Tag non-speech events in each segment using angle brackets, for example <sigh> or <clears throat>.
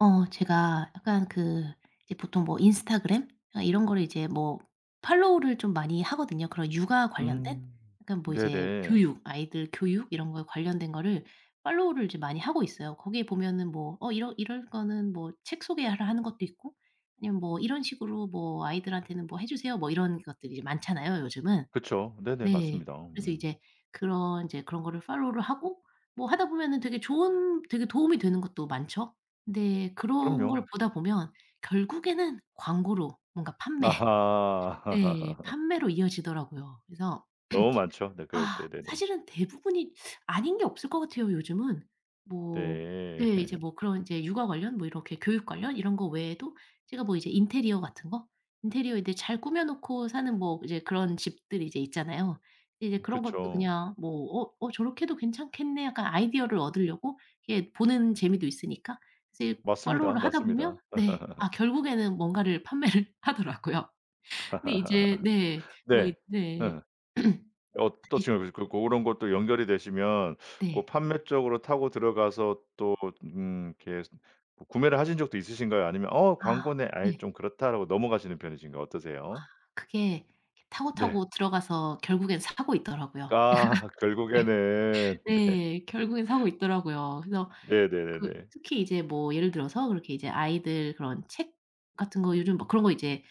어 제가 약간 그 이제 보통 뭐 인스타그램 이런 거를 이제 뭐 팔로우를 좀 많이 하거든요 그런 육아 관련된. 음. 약간 뭐 이제 네네. 교육 아이들 교육 이런 거에 관련된 거를 팔로우를 이제 많이 하고 있어요. 거기에 보면은 뭐 어 이런 이런 거는 뭐 책 소개라 하는 것도 있고 아니면 "뭐 이런 식으로 뭐 아이들한테는 뭐 해주세요." 뭐 이런 것들이 많잖아요 요즘은. 그쵸. 네네. 네. 맞습니다. 그래서 음. 이제 그런 이제 그런 거를 팔로우를 하고 뭐 하다 보면은 되게 좋은 되게 도움이 되는 것도 많죠. 근데 그런 걸 그럼요. 보다 보면 결국에는 광고로 뭔가 판매 네. 아하. <laughs> 판매로 이어지더라고요. 그래서 너무 많죠. <clears throat> 네. 그럴 아 때. 네네. 사실은 대부분이 아닌 게 없을 것 같아요 요즘은. 뭐 네. 네. 이제 <laughs> 뭐 그런 이제 육아 관련 뭐 이렇게 교육 관련 이런 거 외에도 제가 뭐 이제 인테리어 같은 거 인테리어 이제 잘 꾸며 놓고 사는 뭐 이제 그런 집들이 이제 있잖아요. 이제 그런 것도 그쵸. 그냥 뭐 '어 어 저렇게 해도 괜찮겠네.' 약간 아이디어를 얻으려고 이게 보는 재미도 있으니까 이제 맞습니다, 팔로우를 하다 보면 맞습니다. 네. 아 <laughs> 결국에는 뭔가를 판매를 하더라고요. 근데 이제 네. <laughs> 뭐 이 네. 네. 음. <clears throat> 어떤 <unintelligible> 식으로 그 고런 것들이 연결이 되시면 고 네. 판매 쪽으로 타고 들어가서 또 음 이렇게 구 구매를 하신 적도 있으신가요? 아니면 '어 아. 광고네. 아이 네. 좀 그렇다.'라고 넘어가시는 편이신가요? 어떠세요? 그게 이렇게 네. 타고타고 들어가서 결국에는 사고 있더라고요. 아 <laughs> 네. 결국에는. 네. 네. 결국에는 사고 있더라고요. 그래서 그 네네네네. 특히 이제 뭐 예를 들어서 그렇게 이제 아이들 그런 책 같은 거 요즘 막 그런 거 이제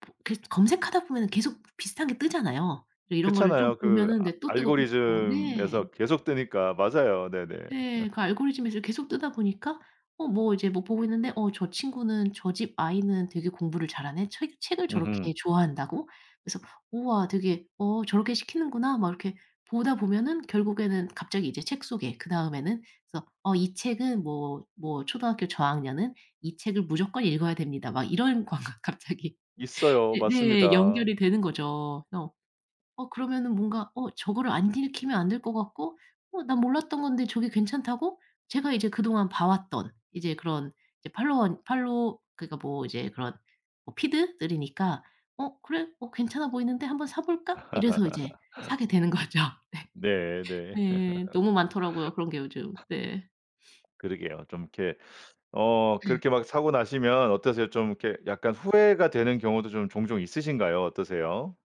보 계속 검색하다 보면 계속 비슷한 게 뜨잖아요. 이제 이런 거를 좀 그렇잖아요. 그 보면은 알 네 또 뜨고, 또 뜨고 네. 알고리즘에서 계속 뜨니까. 맞아요. 네네. 네. 그 <laughs> 알고리즘에서 계속 뜨다 보니까 어 뭐 이제 뭐 보고 있는데 '어 저 친구는 저 집 아이는 되게 공부를 잘하네. 책 책을 으흠. 저렇게 좋아한다고?' 그래서 '우와 되게 어 저렇게 시키는구나.' 막 이렇게 보다 보면은 결국에는 갑자기 이제 책 소개 그다음에는 그래서 "어 이 책은 뭐 뭐 초등학교 저학년은 이 책을 무조건 읽어야 됩니다." 막 이런 광고 갑자기 있어요. 이제 네. 맞습니다. 연결이 되는 거죠. 어. 어 그러면은 뭔가 '어 저거를 안 읽히면 안 될 것 같고 어 나 몰랐던 건데 저게 괜찮다고?' 제가 이제 그동안 봐 왔던 이제 그런 이제 팔로원 팔로 그러니까 뭐 이제 그런 어 피드들이니까 '어 그래? 어 괜찮아 보이는데 한번 사 볼까?' 이래서 이제 <laughs> 사게 되는 거죠. 네. 네네. 네. 너무 많더라고요 <laughs> 그런 게 요즘. 네. <sniffs> 그러게요. 좀 이렇게 어 <clears throat> 그렇게 막 사고 나시면 어떠세요? 좀 이렇게 약간 후회가 되는 경우도 좀 종종 있으신가요? 어떠세요?